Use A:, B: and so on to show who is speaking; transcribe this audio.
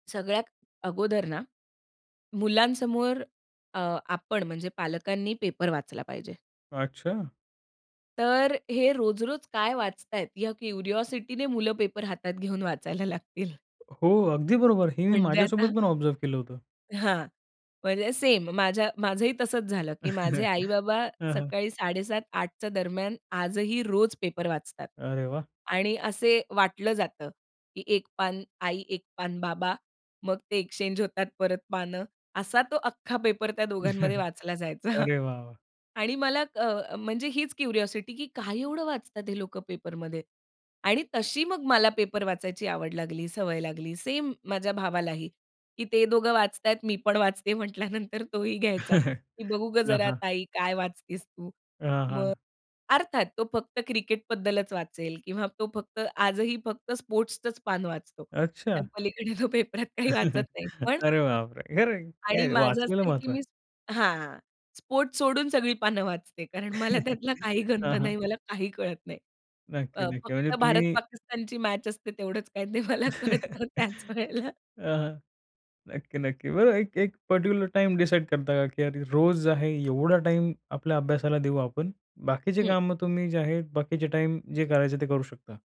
A: सगळ्यात अगोदर ना, मुलांसमोर अ, आपण म्हणजे पालकांनी पेपर वाचला पाहिजे.
B: अच्छा.
A: तर हे रोज-रोज काय वाचत आहेत, ह्या क्युरिओसिटीने मुलं पेपर हातात घेऊन वाचायला लागतील.
B: हो. अगदी बरोबर. हे मी
A: म्हणजे आता
B: माझ्यासोबत पण ऑब्झर्व्ह केलं होतं.
A: हां. म्हणजे सेम माझ्या माझंही तसंच झालं, की माझे आई-बाबा
B: हां, हां.
A: सकाळी 7:30-8:00 च्या दरम्यान आजही रोज पेपर वाचतात.
B: अरे वाह!
A: आणि असे वाटलं जातं, की एक पान आई, एक पान बाबा. मग ते एक्सचेंज होतात परत पानं. असा तो अख्खा पेपर त्या दोघांमध्ये वाचला जायचा.
B: अरे वाह, वाह!
A: आणि मला अ, म्हणजे हीच क्युरिओसिटी की "काय एवढं वाचतात, हे लोकं पेपरमध्ये?" आणि तशी मग मला पेपर वाचायची आवड लागली सवय लागली. सेम माझ्या भावालाही, की ते दोघं वाचत आहेत मी पण वाचते म्हंटल्यानंतर तोही घ्यायचा, की "बघू गं,
B: हां,
A: जरा
B: हां.
A: ताई काय वाचतेस तू?"
B: हां, हां.
A: मग अर्थात तो फक्त क्रिकेट बद्दलच वाचेल किंवा तो फक्त आजही फक्त स्पोर्ट्सचंच पान वाचतो
B: अच्छा.
A: त्यापलीकडे तो पेपरात काही वाचत नाही. पण
B: अरे बाप रे! खरं आहे
A: आणि
B: काय,
A: माझं असं
B: वाचनाला
A: आहे की
B: महत्व आहे.
A: मी हां. स्पोर्ट सोडून सगळी पानं वाचते. कारण मला त्यातला काही गंध
B: हां, हां.
A: नाही. मला काही कळत नाही.
B: नक्की,
A: अ,
B: नक्की. म्हणजे
A: फक्त भारत
B: तुम्ही
A: पाकिस्तानची मॅच असते, तेवढंच काही ते मला
B: अ,
A: कळतं त्याच वेळेला.
B: हां. नक्की, नक्की. बरोबर, एक एक पार्टिक्युलर टाईम डिसाईड करता का, की रोज आहे एवढा टाईम आपल्या अभ्यासाला देऊ आपण, बाकीची
A: हं.
B: कामं तुम्ही जे आहे बाकीचे टाईम जे करायचं, ते करू शकता.